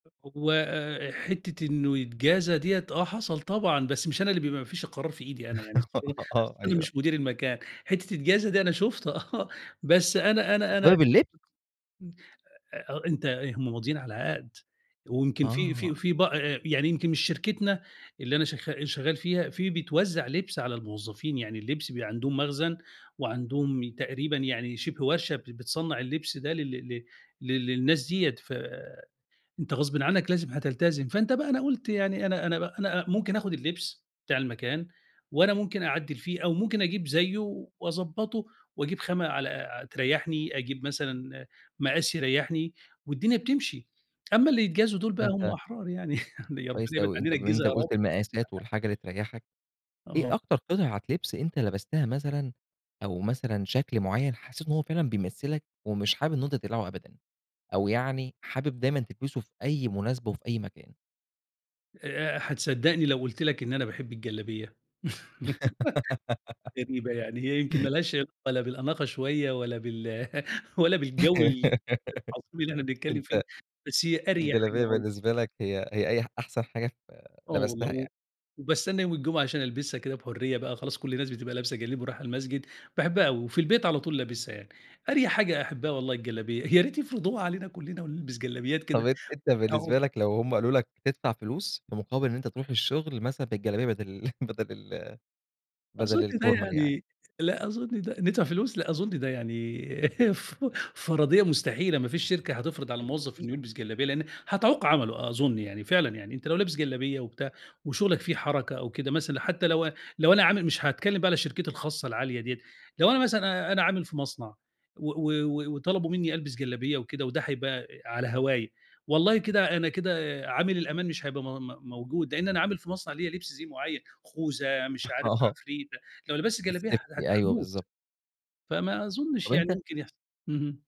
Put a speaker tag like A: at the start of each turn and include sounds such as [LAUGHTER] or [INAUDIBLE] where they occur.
A: وحتّة إنه يتجازى ديّة، آه حصل طبعًا، بس مش أنا اللي بيبقى ما فيش القرار في إيدي أنا، يعني
B: [LAUGHS]
A: [UNINTELLIGIBLE]
B: آه
A: أنا
B: أيوه.
A: مش مدير المكان، حتّة يتجازى دي، أنا شُفت آه. بس أنا أنا أنا
B: تجرّب اللب
A: إمم. أ أنت إيه، هم ماضيين على عَقْد. ويمكن في في
B: آه.
A: في بأ يعني يمكن من شركتنا اللي أنا شغ شغّال فيها، في بيتوزّع لِبْس على الموظفين. يعني اللبس بيبقى عندهم مخزن وعندهم تقريبًا يعني شِبه ورشة ب بتصنّع اللِبْس ده لل ل لل للناس ديّة ف أنت غصبٍ عنّك لازم هتلتزم. فأنت بقى أنا قُلت يعني أنا أنا ب أنا ممكن آخُد اللبس بتاع المكان وأنا ممكن أعدِّل فيه أو ممكن أجيب زيّه وأضبّطه وأجيب خامة على ع تريّحني، أجيب مثلًا مقاس يريّحني والدنيا بتمشي، أمّا اللي يتجازوا دُول بقى هم
B: أنت
A: أحرار يعني [CHUCKLES] ربنا
B: كويس
A: يبعد
B: أوي. أنت
A: عنّنا
B: بما إن
A: الجِزا يا رب.
B: قُلت المقاسات والحاجة اللي تريّحك،
A: آه.
B: إيه أكتر قطعة لِبْس أنت لبستها مثلًا أو مثلًا شكل معيّن حسّيت إن هو فعلًا بيمثِّلك ومش حابب إنه أنت تقلعه أبدًا أو يعني حابب دايمًا تلبسه في أي مناسبة وفي أي مكان؟
A: آآ هتصدّقني لو قُلت لك إن أنا باحب الجلابية؟ [LAUGHS]
B: [LAUGHS]
A: غريبة، يعني هي يمكن ما لهاش علاقة لا بالأناقة شوية ولا بال [CHUCKLES] ولا بالجو ال العظيم اللي إحنا
B: [LAUGHS]
A: بنتكلّم فيه،
B: أنت
A: بس هي أريح حاجة
B: الجلابية
A: وال
B: بالنسبة لك هي هي أي أحسن حاجة ف
A: آه والله.
B: لبستها يعني.
A: و وباستنّى يوم الجمعة عشان ألبسها كده بحُريّة بقى، خلاص كل الناس بتبقى لابسة جلاليب ورايحة المسجد، باحبها أوي. وفي البيت على طول لابسها يعني، أريح حاجة أحبّها والله الجلابية، يا ريت يفرضوها علينا كُلّنا ونلبس جلابيات
B: طب
A: كده
B: أنت أنت
A: [UNINTELLIGIBLE]
B: بالنسبة لك لو هم قالوا لك تدفع فلوس في مقابل إن أنت تروح الشغل مثلًا بالجلابية بَدَل [CHUCKLES] بَدَل ال بَدَل
A: أظُن ده
B: الفورمال يعني.
A: يعني لأ أظُن ده ندفع فلوس! لأ أظُن ده يعني [CHUCKLES] ف فَرَضيّة مستحيلة، ما فيش شركة هتفرض على الموظف
B: [UNINTELLIGIBLE]
A: إنه يلبس جلابية لإن هتعوق عمله أظُن يعني، فعلًا يعني أنت لو لابس جلابية وبتاع وشغلك فيه حركة أو كده مثلًا حتى لو لو أنا عامل مش هاتكلّم بقى على شركتي الخاصة العالية ديّة، لو أنا مثلًا أنا عامل في مصنع و و و وطلبوا منّي ألبس جلابية وكده وده هيبقى على هواية، والله كده أنا كده عامل الأمان مش هيبقى م م موجود، لإن أنا عامل في مصنع ليّا لِبْس زِي معيّن، خوذة مش
B: [CHUCKLES]
A: عارف
B: أها.
A: عفريتة، لو لبست جلابية
B: الSafety. أيوه
A: هاموت.
B: بالضبط.
A: فما أظُنّش
B: طب
A: يعني
B: أنت
A: ممكن يحص اهم.